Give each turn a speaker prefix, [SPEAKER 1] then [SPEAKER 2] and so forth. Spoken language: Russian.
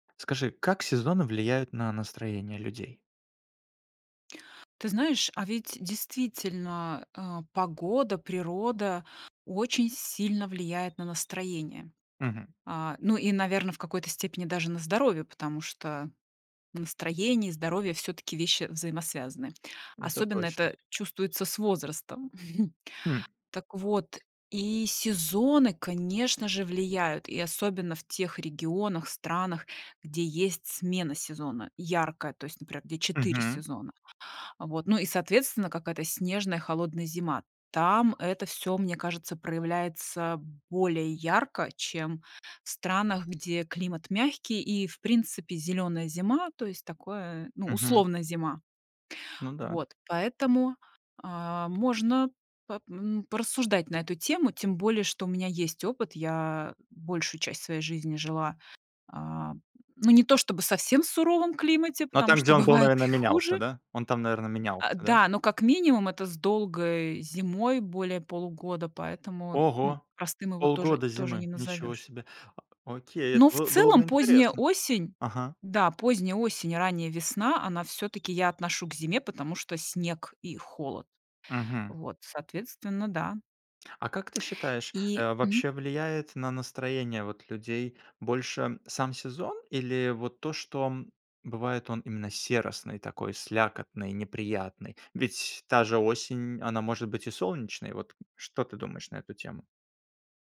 [SPEAKER 1] Скажи, как сезоны влияют на настроение людей?
[SPEAKER 2] Ты знаешь, а ведь действительно, а, погода, природа очень сильно влияет на настроение.
[SPEAKER 1] Мгм.
[SPEAKER 2] А, ну и, наверно, в какой-то степени даже на здоровье, потому что настроение и здоровье всё-таки вещи взаимосвязанные,
[SPEAKER 1] Это
[SPEAKER 2] особенно
[SPEAKER 1] точно.
[SPEAKER 2] это чувствуется с возрастом.
[SPEAKER 1] Хм.
[SPEAKER 2] Так вот, и сезоны, конечно же, влияют, и особенно в тех регионах, странах, где есть смена сезона яркая, то есть, например, где 4
[SPEAKER 1] Мгм.
[SPEAKER 2] сезона. Вот. Ну и, соответственно, какая-то снежная холодная зима. Там это всё, мне кажется, проявляется более ярко, чем в странах, где климат мягкий и в принципе зелёная зима, то есть такое, ну,
[SPEAKER 1] Мгм.
[SPEAKER 2] условно, зима.
[SPEAKER 1] Ну да.
[SPEAKER 2] Вот, поэтому, а, можно пап м, порассуждать на эту тему. Тем более, что у меня есть опыт, я большую часть своей жизни жила, а, ну, не то чтобы совсем в суровом климате,
[SPEAKER 1] Но
[SPEAKER 2] потому
[SPEAKER 1] там,
[SPEAKER 2] что
[SPEAKER 1] где он был,
[SPEAKER 2] бывает
[SPEAKER 1] наверно,
[SPEAKER 2] и
[SPEAKER 1] менялся,
[SPEAKER 2] хуже.
[SPEAKER 1] да? Он там, наверно,
[SPEAKER 2] А,
[SPEAKER 1] менялся, да?
[SPEAKER 2] да, но как минимум это с долгой зимой более полугода, поэтому, ну,
[SPEAKER 1] Ого.
[SPEAKER 2] простым его тоже
[SPEAKER 1] Полгода
[SPEAKER 2] тоже не
[SPEAKER 1] зимы. Ничего
[SPEAKER 2] назовешь.
[SPEAKER 1] себе. О окей, это
[SPEAKER 2] Ну, в
[SPEAKER 1] во было бы
[SPEAKER 2] целом, поздняя
[SPEAKER 1] интересно.
[SPEAKER 2] осень,
[SPEAKER 1] Ага.
[SPEAKER 2] да, поздняя осень, ранняя весна, она всё-таки, я отношу к зиме, потому что снег и холод.
[SPEAKER 1] Мгм.
[SPEAKER 2] Вот, соответственно, да.
[SPEAKER 1] А как ты считаешь,
[SPEAKER 2] И,
[SPEAKER 1] э,
[SPEAKER 2] мгм.
[SPEAKER 1] вообще влияет на настроение вот людей больше сам сезон или вот то, что, м, бывает он именно серосный, такой слякотный, неприятный? Ведь та же осень, она может быть и солнечной. Вот что ты думаешь на эту тему?